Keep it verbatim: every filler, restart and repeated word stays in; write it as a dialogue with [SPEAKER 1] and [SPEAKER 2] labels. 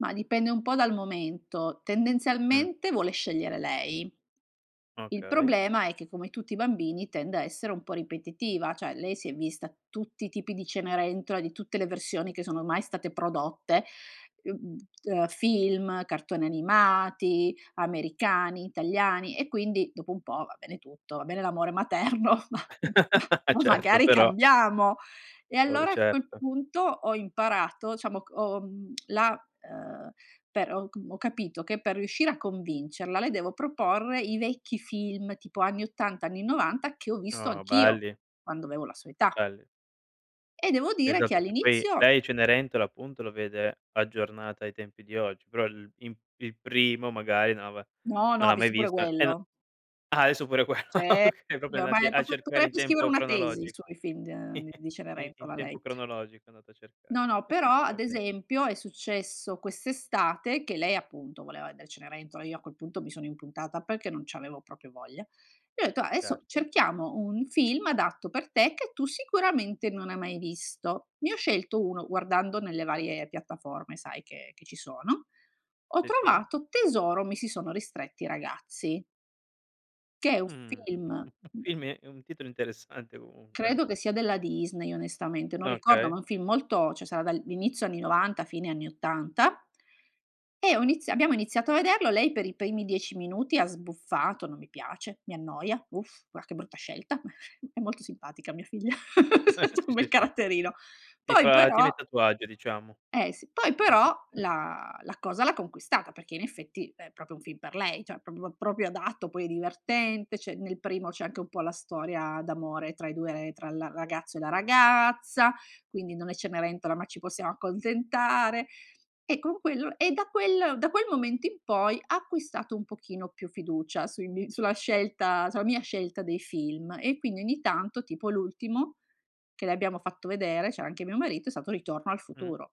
[SPEAKER 1] Ma dipende un po' dal momento.
[SPEAKER 2] Mh.
[SPEAKER 1] Tendenzialmente vuole scegliere lei. Il
[SPEAKER 2] Okay.
[SPEAKER 1] problema è che, come tutti i bambini, tende a essere un po' ripetitiva, ceh lei si è vista tutti i tipi di Cenerentola di tutte le versioni che sono mai state prodotte, mhmm, ehm, film, cartoni animati, americani, italiani e quindi dopo un po', va bene tutto, va bene l'amore materno, ma, ma,
[SPEAKER 2] Eh
[SPEAKER 1] ma
[SPEAKER 2] certo,
[SPEAKER 1] magari
[SPEAKER 2] però.
[SPEAKER 1] cambiamo. E
[SPEAKER 2] Vabbè,
[SPEAKER 1] allora a quel
[SPEAKER 2] certo.
[SPEAKER 1] punto ho imparato, ciamo c ho mhmm la, ehm, per ho c ho capito che per riuscire a convincerla le devo proporre i vecchi film tipo anni ottanta, anni novanta che ho visto
[SPEAKER 2] Oh,
[SPEAKER 1] anch'io,
[SPEAKER 2] belli.
[SPEAKER 1] quando avevo la sua età.
[SPEAKER 2] Belli.
[SPEAKER 1] E devo dire che
[SPEAKER 2] Esatto che poi,
[SPEAKER 1] all'inizio
[SPEAKER 2] lei Cenerentola appunto lo vede aggiornata ai tempi di oggi, però il in il primo magari non aveva
[SPEAKER 1] No, no,
[SPEAKER 2] non
[SPEAKER 1] ha
[SPEAKER 2] l'ha mai
[SPEAKER 1] visto pure
[SPEAKER 2] visto. E no
[SPEAKER 1] quello.
[SPEAKER 2] ah, adesso pure quello,
[SPEAKER 1] Ce
[SPEAKER 2] okay, propio andati
[SPEAKER 1] ormai
[SPEAKER 2] a
[SPEAKER 1] propr
[SPEAKER 2] cercare in
[SPEAKER 1] potrebbe scrivere
[SPEAKER 2] tempo
[SPEAKER 1] una tesi
[SPEAKER 2] cronologico.
[SPEAKER 1] sui film d di
[SPEAKER 2] In in
[SPEAKER 1] Cenerentola,
[SPEAKER 2] tempo
[SPEAKER 1] lei.
[SPEAKER 2] cronologico andate a cercare.
[SPEAKER 1] No, no, però ad
[SPEAKER 2] Okay.
[SPEAKER 1] esempio è successo quest'estate, che lei appunto voleva edere Cenerentola, io a quel punto mi sono impuntata perché non c'avevo proprio voglia. E ho detto: "Ah, adesso
[SPEAKER 2] Certo.
[SPEAKER 1] cerchiamo un film adatto per te che tu sicuramente non hai mai visto". Ne ho scelto uno, guardando nelle varie piattaforme, sai, che che ci sono. Ho
[SPEAKER 2] Sì, sì.
[SPEAKER 1] trovato "Tesoro, mi si sono ristretti i ragazzi" che è un
[SPEAKER 2] Mh.
[SPEAKER 1] film
[SPEAKER 2] Film e è un titolo interessante comunque.
[SPEAKER 1] credo che sia della Disney onestamente, non ricordo,
[SPEAKER 2] Okay.
[SPEAKER 1] ma è un film molto c'è sarà dal inizio anni novanta, fine anni ottanta, e ho iniz abbiamo iniziato a vederlo, lei per i primi dieci minuti ha sbuffato: "Non mi piace, mi annoia, uff, va che brutta scelta", è molto simpatica mia figlia, c'ha
[SPEAKER 2] Sì,
[SPEAKER 1] un
[SPEAKER 2] sì,
[SPEAKER 1] bel
[SPEAKER 2] sì
[SPEAKER 1] caratterino.
[SPEAKER 2] ti
[SPEAKER 1] Poi
[SPEAKER 2] fa ti
[SPEAKER 1] però
[SPEAKER 2] mette a tuo agio diciamo.
[SPEAKER 1] Eh sì poi
[SPEAKER 2] Non ti
[SPEAKER 1] però
[SPEAKER 2] [unintelligible]
[SPEAKER 1] la la cosa l'ha conquistata, perché in effetti è proprio un film per lei, cioè proprio proprio adatto, poi divertente, c'è nel primo c'è anche un po' la storia d'amore tra i due, tra il ragazzo e la ragazza, quindi non è Cenerentola, ma ci possiamo accontentare. E con quello e da quel da quel momento in poi ha acquistato un pochino più fiducia sui mie sulla scelta sulla mia scelta dei film e quindi ogni tanto, tipo l'ultimo che le abbiamo fatto vedere, c'era anche mio marito, è stato "Ritorno al
[SPEAKER 2] Mh.
[SPEAKER 1] futuro".